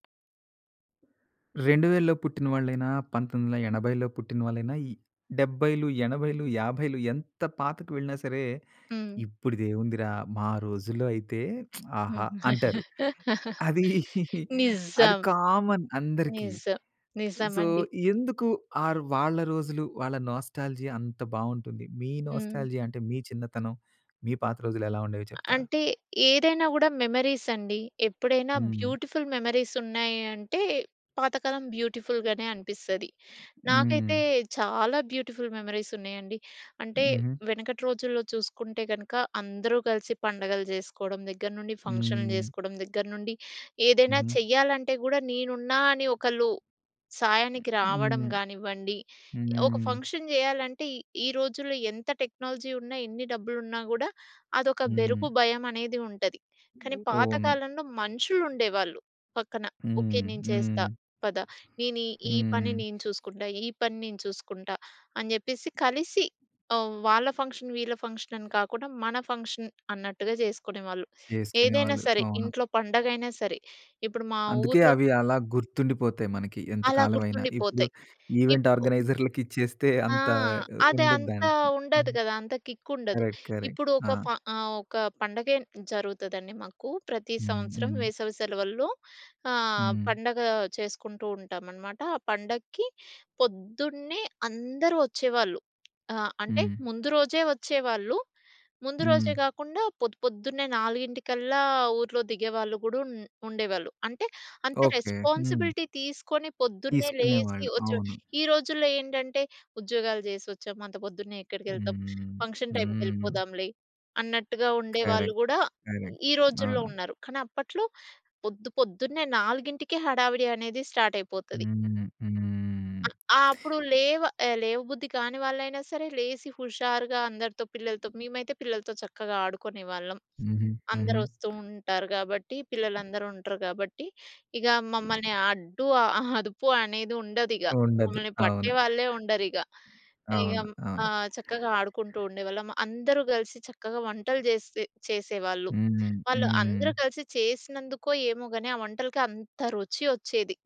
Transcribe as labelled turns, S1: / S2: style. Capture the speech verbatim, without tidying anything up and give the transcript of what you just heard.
S1: రెండు వేలలో పుట్టిన వాళ్ళయినా, పంతొమ్మిది వందల ఎనబైలో పుట్టిన వాళ్ళయినా, డెబ్బైలు ఎనబైలు యాబైలు ఎంత పాతకు వెళ్ళినా సరే,
S2: హ్మ్.
S1: ఇప్పుడిది ఏముందిరా! మా రోజుల్లో అయితే ఆహా! అంటారు. అది అది
S2: నిజం.
S1: కామన్ అందరికీ.
S2: నిజం.
S1: సో,
S2: నిజమండి.
S1: ఎందుకు ఆ ర్ వాళ్ళ రోజులు వాళ్ళ నోస్టాల్జియా అంత బాగుంటుంది, మీ
S2: హ్మ్.
S1: నోస్టాల్జియా అంటే మీ చిన్నతనం, మీ పాత రోజులు ఎలా ఉండేవి చెప్తారా?
S2: అంటే ఏదైనా కూడా మెమరీస్ అండి. ఎప్పుడైనా
S1: హ్మ్.
S2: బ్యూటిఫుల్ మెమరీస్ ఉన్నాయంటే, పాతకాలం బ్యూటిఫుల్‌గానే అనిపిస్తది.
S1: హ్మ్.
S2: నాకైతే చాలా బ్యూటిఫుల్ మెమరీస్ ఉన్నాయండి. అంటే,
S1: హుహు.
S2: వెనకటి రోజుల్లో చూసుకుంటే కనక, అందరూ కలిసి పండగలు జేసుకోవడం దగ్గర నుండి, ఫంక్షన్‌‌లు
S1: హ్మ్.
S2: జేసుకోవడం దగ్గర నుండి, ఏదైనా
S1: హుహు.
S2: చెయ్యాలంటే కూడా, నేనున్నా! అని ఒకళ్ళు సాయానికి రావడం
S1: హ్మ్.
S2: కానివ్వండి, ఒక
S1: హ్మ్.
S2: ఫంక్షన్ జేయాలంటే ఈ రోజుల్లో ఎంత టెక్నాలజీ ఉన్నా, ఎన్ని డబ్బులు ఉన్నాకూడా, అదొక బెరుకు,
S1: హ్మ్.
S2: భయమనేది ఉంటది. కానీ పాత
S1: అవును.
S2: కాలంలో మనుషులు ఉండేవాళ్ళు పక్కన. "ఓకే.
S1: హ్మ్.
S2: నేను చేస్తా
S1: హ్మ్.
S2: పదా! నేను ఈ పని
S1: హ్మ్.
S2: నేను చూసుకుంటా! ఈ పని నేను చూసుకుంటా!" అని చెప్పేసి కలిసి, ఆహ్, వాళ్ళ ఫంక్షన్, వీళ్ళ ఫంక్షన్ అని కాకుండా, మన ఫంక్షన్ అన్నట్టుగా జేసుకునేవాళ్ళు. ఏదైనా
S1: చేసుకునేవాళ్ళు.
S2: సరే.
S1: అవును.
S2: ఇంట్లో పండగ అయినా సరే. ఇప్పుడు మా
S1: అందుకే
S2: ఊర్లో
S1: అవి అలా గుర్తుండిపోతాయి మనకి ఎంత
S2: అలా
S1: కాలమైనా. ఇప్పుడు
S2: గుర్తుండిపోతాయి.
S1: ఈవెంట్
S2: ఇప్పు
S1: ఆర్గనైజర్‌లకి ఇచ్చేస్తే
S2: ఆ!
S1: అంత
S2: అది
S1: ఉండదు
S2: అంత
S1: దాంట్లో.
S2: ఉండదు
S1: హ్మ్.
S2: కదా! అంత కిక్ ఉండదు.
S1: కరెక్ట్. కరెక్ట్.
S2: ఇప్పుడు
S1: ఆ!
S2: ఒక ఫ ఆహ్, ఒక పండగే జరుగుతదండి మాకు. ప్రతి
S1: హ్మ్.
S2: సంవత్సరం
S1: హ్మ్.
S2: వేసవి సెలవల్లో. ఆహ్,
S1: హ్మ్.
S2: పండగ చేసుకుంటూ ఉంటామన్నమాట. ఆ పండక్కి పొద్దున్నే అందరూ వచ్చేవాళ్ళు. ఆహ్, అంటే
S1: హ్మ్.
S2: ముందు రోజే వచ్చేవాళ్ళు. ముందు రోజే
S1: హ్మ్.
S2: గాకుండా పొద్దు, పొద్దున్నే నాలుగింటికల్లా ఊరిలో దిగేవాళ్ళు కూడా ఉ ఉండేవాళ్ళు. అంటే, అంత
S1: ఓకే. హ్మ్.
S2: రెస్పాన్సిబిలిటీ తీసుకొని పొద్దున్నే లేచి
S1: తీసుకునేవాళ్ళు.
S2: వచ్చి,
S1: అవును.
S2: ఈ రోజుల్లో ఏంటంటే ఉద్యోగాలు జేసి వచ్చాం, అంత పొద్దున్నే ఎక్కడికెళ్తాం?
S1: హ్మ్.
S2: ఫంక్షన్ టైమ్‌కి
S1: హ్మ్.
S2: వెళ్ళిపోదాంలే అన్నట్టుగా ఉండేవాళ్ళు
S1: కరెక్ట్.
S2: గూడా
S1: కరెక్ట్.
S2: ఈ రోజుల్లో
S1: అవును.
S2: ఉన్నారు. కానీ, అప్పట్లో పొద్దు, పొద్దున్నే నాలుగింటికే హడావిడి అనేది స్టార్ట్ అయిపోతది.
S1: హ్మ్.
S2: అ
S1: హ్మ్.
S2: ఆ! అప్పుడు లేవ లేవ బుద్ధి కాని వాళ్ళైనా సరే లేసి హుషారుగా అందరితో పిల్లలతో మేమైతే పిల్లలతో చక్కగా ఆడుకునేవాళ్ళం.
S1: హుహు.
S2: అందరూ
S1: హుహు.
S2: వస్తూ ఉంటారు కాబట్టి, పిల్లలందరూ ఉంటారు కాబట్టి, ఇగ మమ్మల్ని అడ్డు, ఆహ్, అదుపు అనేది ఉండదిగ.
S1: ఉండదు.
S2: మమ్మల్ని పట్టే
S1: అవును.
S2: వాళ్ళే ఉండరిగ. ఇగ
S1: అవును.
S2: ఆ!
S1: అవును.
S2: చక్కగా ఆడుకుంటూ ఉండేవాళ్ళం. అందరూ కలిసి చక్కగా వంటలు జేసి చేసేవాళ్ళు.
S1: హ్మ్. హ్మ్.
S2: వాళ్ళందరూ కలిసి చేసినందు‌కొ ఏమో గాని, ఆ వంటలకి అంత రుచి వచ్చేది.